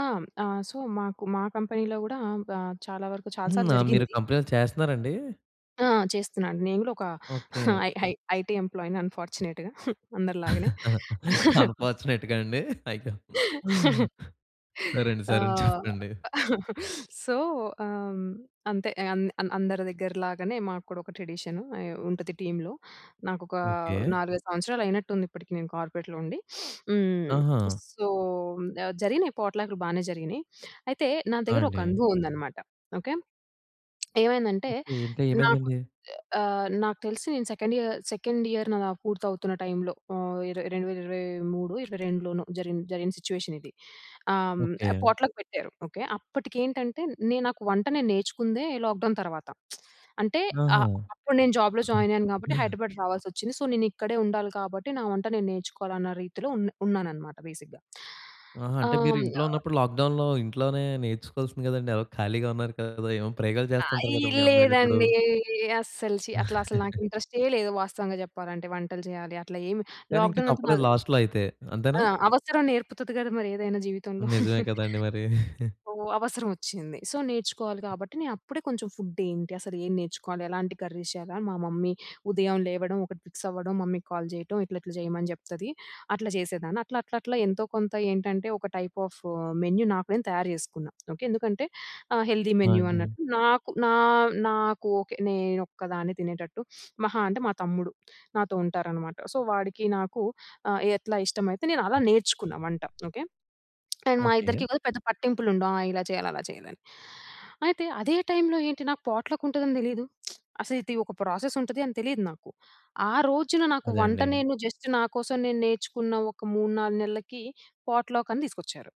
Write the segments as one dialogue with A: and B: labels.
A: ఆ! హ్మ్, ఆ! సో మాకు మా కంపెనీలో గూడా ఆహ్, చాలా వరకు చాలా
B: హ్మ్.
A: సార్లు
B: ఆ! మీరు
A: జరిగింది.
B: కంపెనీ‌లో చేస్తన్నారండి?
A: ఆ! చేస్తున్నాను. నేను గూడా ఒక
B: okay.
A: I I I IT ఎంప్లాయీ‌ని అన్‌ఫార్చునేట్‌గా అందరిలాగానే.
B: అన్‌ఫార్చునేట్‌గాండి. అయ్యో! సరే అండి. సరే అండి
A: ఆహ్,
B: చెప్పండి.
A: సో, ఆహ, హ్మ్, అంతే అం అందరి దగ్గర లాగానే మాకూడా ఒక ట్రెడిషను అయి ఉంటది టీమ్‌లో. నాకొక
B: ఓకే.
A: 4, 5 సంవత్సరాలు అయినట్టుంది ఇప్పటికి నేను కార్పొరేట్‌లో ఉండి. హ్మ్.
B: ఆహా!
A: సో ఆహ్, జరిగినాయి పాట్‌లాక్లు బానే జరిగినాయి. అయితే నా
B: ఆ!
A: దగ్గర ఒక
B: అండి.
A: అనుభవం ఉందన్నమాట ఓకే. ఏమైందంటే
B: ఓకే. అంటే
A: నాకు
B: ఏమైందండి?
A: ఆహ్, నాకు తెలిసి నేను సెకండ్ ఇయర్, సెకండ్ ఇయర్ న వ పూర్తవుతున్న టైంలో ఆహ్, 2023, 22 జరిగిన జరిగిన సిట్యుయేషనిది ఆహ్, హ్మ్,
B: ఓకే.
A: పాట్‌లక్ పెట్టారు ఓకే. అప్పటికేంటంటే నే నాకు వంట నేర్చుకుందే లాక్ డౌన్ తరువాత అంటే
B: ఆహా!
A: ఆహ్, అప్పుడు నేను జాబ్‌లో జాయినయ్యాను కాబట్టి హైదరాబాద్ రావాల్సొచ్చింది. సో నేనిక్కడే ఉండాలి కాబట్టి నా వంట నేను నేర్చుకోవాలి అన్న రీతిలో ఉనా ఉన్నానన్నమాట బేసిక్‌గా.
B: ఆహా! అంటే
A: ఆహ్,
B: మీరు
A: హ్మ్.
B: ఇంట్లో
A: ఆహ్
B: ఉన్నప్పుడు లాక్‌డౌన్‌లో ఇంట్లోనే నేర్చుకోవాల్సింది గదండీ! ఎలగో ఖాళీగా ఉన్నారు కదా! ఏమో ప్రయోగాలు చేస్తుంటారు
A: అయి
B: కదా! మీ అమ్మాయిలేప్పుడు.
A: లేదండి. అసలు ఛీ! అట్లా అసల నాకింట్రెస్టె లేదు. వాస్తవంగా చెప్పాలంటే. వంటలు చేయాలి అట్లా ఏమి
B: కానింక
A: లాక్‌డౌన్ అంతా
B: తప్పలేదు
A: బాగానే
B: లాస్ట్‌లోయితే. అంతేనా?
A: ఆ! అవసరం నేర్పుతది కదా! మరి ఏదైనా జీవితంలో.
B: నిజమే కదండీ మరి.
A: సో అవసరం ఒచ్చింది. సో నేర్చుకోవాలి గాబట్టి నేను అప్పుడే కొంచెం ఫూడ్దేంటి? అసలు ఏం నేర్చుకోవాలి? ఎలాంటి కర్రీస్ చేయాలి? అని మా మమ్మీ ఉదయం లేవడం ఒకటి ఫిక్స్ అవ్వడం మమ్మీకి కాల్ చేయటం ఇట్లా ఇట్లా చేయమని చెప్తది అట్లా చేసేదాన్ని. అట్లా అట్లా అట్లా ఎంతో కొంత ఏంటంటే ఒక టైప్ ఆఫ్ మెన్యూ నాకు నేను తయారు చేసుకున్న. ఓకే, ఎందుకంటే ఆ హెల్దీ
B: ఆ!
A: మెన్యూ
B: అండి.
A: అన్నట్టు నాకు నా నాకు ఓకే నేనోక్కదాన్నే తినేటట్టు మహా అంటే మా తమ్ముడు నాతో ఉంటారనమాట. సో, వాడికి నాకు ఆ! ఎట్లా ఇష్టమైతే నేను అలా నేర్చుకున్నా వంట ఓకే. అండ్ మా
B: ఓకే.
A: ఇద్దరికి కూడా పెద్ద పట్టింపులుండవు. ఆ! ఇలా చేయాలి, అలా చేయాలని. అయితే అదే టైంలో ఏంటి నాకు పాట్లక్ ఉంటదని తెలిదు. అసలిది ఒక ప్రాసెసుంటది అని తెలిదు నాకు. ఆ రోజున నాకు
B: అదే
A: వంట
B: అండి.
A: నేను జస్ట్ నాకోసం నేను నేర్చుకున్న ఒక 3, 4 నెలకి పాట్‌లాకని తీసుకొచ్చారు.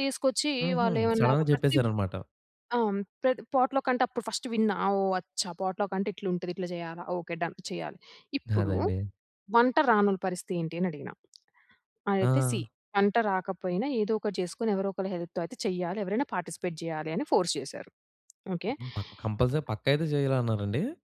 A: తీసుకొచ్చి
B: హుహు.
A: వాళ్ళు ఏమన్నారు?
B: సడెన్‌గా
A: ప్రతి బ్
B: చెప్పేసారనమాట.
A: ఆ! ప్ర పాట్లకంటే అప్పుడు ఫస్ట్ విన్న ఓహ్! అచ్చా పాట్లక్ అంటే ఇట్లా ఉంటది ఇట్లా చేయాలా? Okay done! చెయ్యాలి. ఇప్పుడు
B: అదండి.
A: వంట రా‌నోల పరిస్తేంటి అని అడిగినా. అయితే సీ
B: ఆ!
A: వంట రాకపోయినా ఏదో ఒకటి చేసుకొని ఎవరో ఒకరు హెల్ప్‌తో అయితే చేయాలి ఎవరైనా పార్టిసిపేట్ జేయాలి అని ఫోర్స్ చేసారు. ఓకే.
B: హ్మ్. ప కంపల్సరీ పక్కయితే చేయాలన్నారండి?